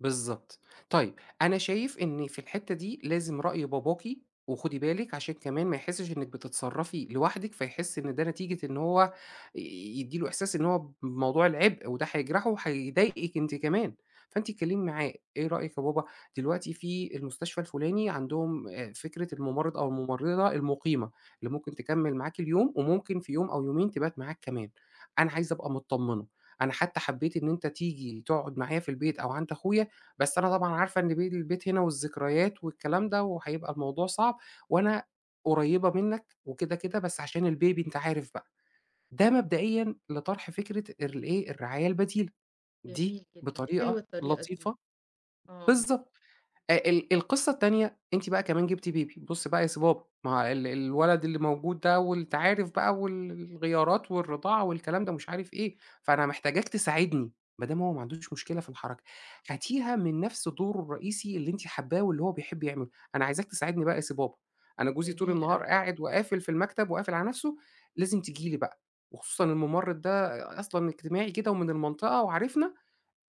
بالضبط. طيب، أنا شايف إن في الحتّة دي لازم رأي باباكِ وخدي بالِك عشان كمان ما يحسّش إنِّك بتتصرّفي لوحدِك، فيحِس إن ده نتيجة إن هو ي يدّي له إحساس إن هو بموضوع العِبء وده هيجرحه وهيضايقِك أنتِ كمان. فأنتِ اتكلّمي معاه، إيه رأيك يا بابا دلوقتي في المستشفى الفُلاني عندهم آآ فكرة المُمرِّض أو المُمرِّضة المُقيمة اللي ممكن تكمِّل معاك اليوم وممكن في يوم أو يومين تبات معاك كمان، أنا عايزة أبقى متطمِّنة، أنا حتى حبّيت إن أنت تيجي تقعُد معايا في البيت أو عند أخويا، بس أنا طبعًا عارفة إن بيل البيت هنا والذكريات والكلام ده وهيبقى الموضوع صعب وأنا قريّبة منّك وكده، كده بس عشان الbaby أنت عارف بقى. ده مبدئيًا لطرح فكرة ارل إيه، الرعاية البديلة. دي جميل جدًا، حلوة بطريقة الطريقة دي. لطيفة آه. بالضبط. آآ ال القِصّة التانية أنتِ بقى كمان جِبتِ baby بُص بقى يا سي بابا ما هو ال الولد اللي موجود ده وأنت عارف بقى وال الغيارات والرِضاعة والكلام ده ومش عارف إيه، فأنا محتاجاك تساعدني. ما دام هو ما عندوش مشكلة في الحركة هاتيها من نَفْس دوره الرئيسي اللي أنتِ حبّاه واللي هو بيحب يعمله. أنا عايزاك تساعدني بقى يا سي بابا، أنا جوزي طول جميل النهار أوي. قاعد وقافل في المكتب وقافل على نَفْسه، لازم تيجي لي بقى وخصوصًا المُمرِّض ده أ أصلًا اجتماعي كده ومن المنطقة وعارفنا،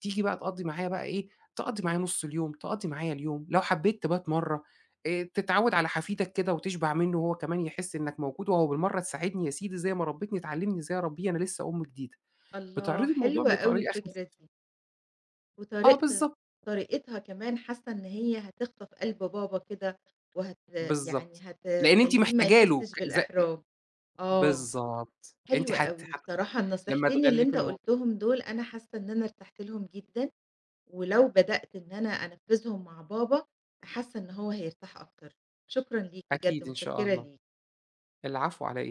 تيجي بقى تقضّي معايا بقى إيه، تقضّي معايا نُص اليوم، تقضّي معايا اليوم، لو حبّيت تبات مرّة آآ تتعوّد على حفيدك كده وتشبع منُّه وهو كمان يحِس إنّك موجود وأهو بالمرّة تساعدني يا سيدي زي ما ربِّتني تعلِّمني إزاي أربّيه أنا لسّه أم جديدة. الله، بتعرضي الموضوع حلوة أوي بطريقة خف الفكرة دي. آه وطريقت بالضب طريقتها كمان حاسّة إن هي هتخطف قلب بابا كده وهت يعني بالضبط. لإن أنتِ هتخلّيه ما محتاجه له يحسّش كذ بالإحراج، آه. بالضبط، أنتِ حلوة حتّى أوي، ح بصراحة لمّا النصيحتين اللي تغلّفي أنت الموضو قُلتهم دُول، أنا حاسّة إن أنا ارتحت لهم جدًا ولو بدأت إن أنا أنفّذهم مع بابا، حاسّة إن هو هيرتاح أكتر. شكرًا ليك بجد، أكيد إن شاء متشكِّرة الله. ليك. العفو، على إيه؟